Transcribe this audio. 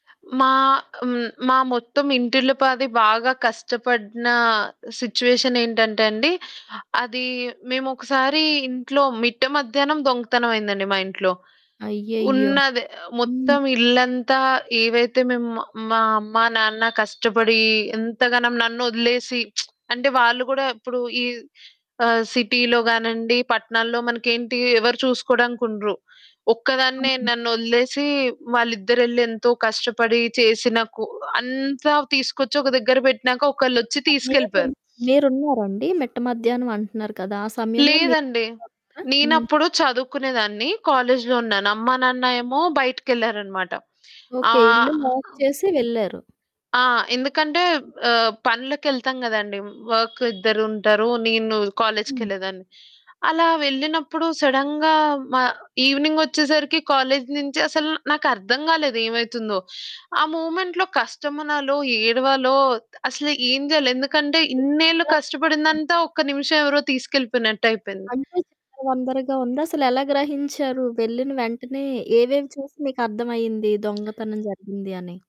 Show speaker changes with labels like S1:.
S1: మా హ్మ్. మా మొత్తం ఇంటిల్లపాది బాగా కష్టపడిన సిట్యుయేషన్ ఏంటంటే అండి, అది మేమొకసారి ఇంట్లో మిట్ట మధ్యాహ్నం దొంగతనం అయిందండి మా ఇంట్లో.
S2: అయ్యయ్యో!
S1: ఉన్నది
S2: హ్మ్.
S1: మొత్తం ఇల్లంతా ఏవైతే మేము మా మా అమ్మ నాన్న కష్టపడి ఇంతగ న నన్నొదిలేసి అంటే వాళ్ళు గూడా ఇప్పుడు ఈ ఆహ్, సిటీ‌లో గానిండి, పట్నాల్లో మనకేంటి ఎవరు చూసుకోడానికుండరు. ఒక్కదాన్నే
S2: అవును.
S1: నన్నొదిలేసి వాల్లిద్దరెళ్లి ఎంతో కష్టపడి చేసిన కూ అంతా తీసుకొచ్చి ఒక దగ్గర పెట్టినాక
S2: [unintelligible]
S1: ఒకళ్ళొచ్చి
S2: మీరున్
S1: తీసుకెళ్ళిపోయారు.
S2: మీరున్నారా అండి? మిట్ట మధ్యాహ్నం అంటున్నారు కదా! ఆ సమయంలో మీరున్నారా?
S1: లేదండి.
S2: హ్మ్.
S1: నేనప్పుడు చదువుకునే దాన్ని, కాలేజులో ఉన్నాను. అమ్మ నాన్న ఏమో బయటికెళ్లారన్నమాట. ఆ
S2: ఓకే. ఇల్లు లాక్ చేసి వెళ్లారు.
S1: ఆ! ఎందుకంటే ఆహ్, పనులకెళ్తాం కదండి, వర్క్ ఇద్దరుంటారు, నేను
S2: హ్మ్.
S1: కాలేజుకెళ్ళేదాన్ని. అలా వెళ్ళినప్పుడు సడెన్‌గా మా ఈవెనింగొచ్చేసరికి కాలేజు నుంచి అసలు నాకర్థం గాలేదు ఏవైతుందో ఆ! మూమెంట్‌లో కష్టమనాలో, ఏడవాలో, అసలు ఏమి జేయాలి? ఎందుకంటే
S2: ఏం
S1: ఇన్నేళ్లు
S2: చేయాలో అర్ధమవ్వదు.
S1: కష్టపడిందంతా ఒక్క నిమిషం ఎవరో తీసుకెళ్ళిపోయినట్టయిపేంది.
S2: అంటే చిందరవందరగా ఉందా? అసలెలా గ్రహించారు? వెళ్ళిన వెంటనే ఏవేవి చూసి మీకర్థమయింది దొంగతనం జరిగింది అని?